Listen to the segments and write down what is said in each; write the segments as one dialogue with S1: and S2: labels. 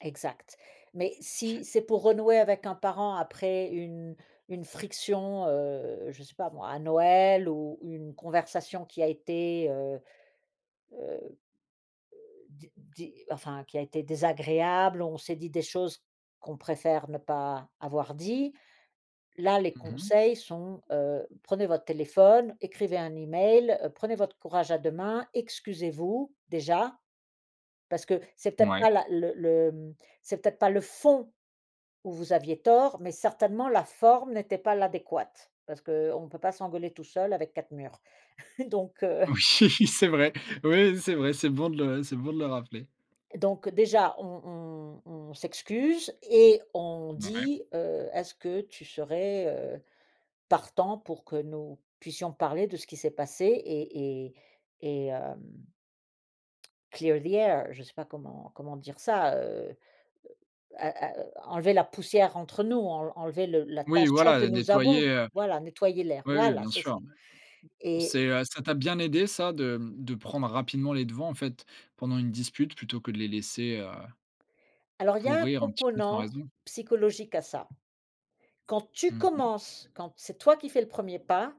S1: Exact. Mais si c'est pour renouer avec un parent après une une friction, heu, je sais pas moi, à Noël ou une conversation qui a été, heu heu heu, d dé enfin, qui a été désagréable, on s'est dit des choses qu'on préfère ne pas avoir dit. Là, les
S2: Mmh mh.
S1: conseils sont, heu: «Prenez votre téléphone, écrivez un e-mail, prenez votre courage à deux mains, excusez-vous, déjà». Parce que c'est peut-être
S2: Ouais.
S1: pas la le le c'est peut-être pas le fond où vous aviez tort, mais certainement la forme n'était pas l'adéquate, parce qu'on peut pas s'engueuler tout seul avec 4 murs. Donc heu
S2: Oui, c'est vrai. Oui, c'est vrai, c'est bon de le c'est bon de le rappeler.
S1: donc déjà on on on s'excuse et on
S2: Mouais.
S1: dit: «Heu, est-ce que tu serais, heu, partant pour que nous puissions parler de ce qui s'est passé? Et et et hem, clear the air?» Je sais pas comment comment dire ça, heu. «A a enlever la poussière entre nous, enl enlever le la
S2: Oui,
S1: tension
S2: voilà,
S1: que
S2: heu,
S1: nous
S2: nettoyer,
S1: avons,
S2: heu.
S1: voilà, nettoyer l'air»,
S2: Ouais, oui,
S1: voilà
S2: bien
S1: c'est ça
S2: sûr, ouais.
S1: et
S2: C'est, heu, ça t'a bien aidé ça de de prendre rapidement les devants, en fait, pendant une dispute plutôt que de les laisser heu
S1: Alors, il y a un
S2: pourrir un petit peu sans
S1: component
S2: raison?
S1: psychologique à ça. Quand tu
S2: Mmh mh.
S1: commences, quand c'est toi qui fais le 1er pas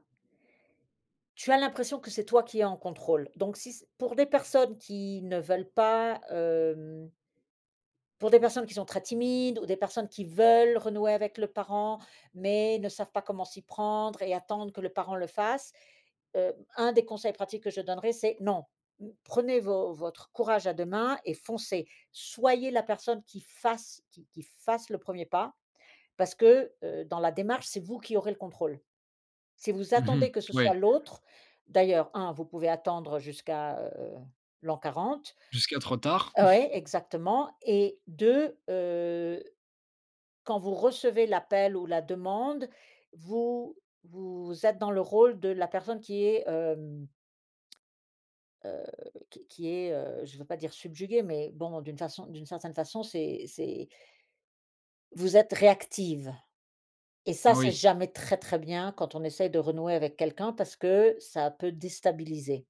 S1: tu as l'impression que c'est toi qui est en contrôle. Donc si pour des personnes qui ne veulent pas, hem pour des personnes qui sont très timides ou des personnes qui veulent renouer avec le parent, mais ne savent pas comment s'y prendre et attendre que le parent le fasse. Heu, un des conseils pratiques que je donnerais, c'est: «Non. N prenez vo votre courage à deux mains et foncez. Soyez la personne qui fasse, qui qui fasse le 1er pas.» Parce que, heu, dans la démarche, c'est vous qui aurez le contrôle. Si vous
S2: Mmh mh.
S1: attendez que ce
S2: Ouais.
S1: soit l'autre, d'ailleurs, 1 vous pouvez attendre jusqu'à, heu, l'an 40
S2: Jusqu'à trop tard.
S1: oui, exactement. Et 2, heu, quand vous recevez l'appel ou la demande, vous vous êtes dans le rôle de la personne qui est, hem, heu, qui qui est, heu, je veux pas dire subjuguée, mais bon d'une façon d'une certaine façon, c'est c'est vous êtes réactive et ça c'est
S2: Oui.
S1: jamais très, très bien quand on essaye de renouer avec quelqu'un parce que ça peut déstabiliser.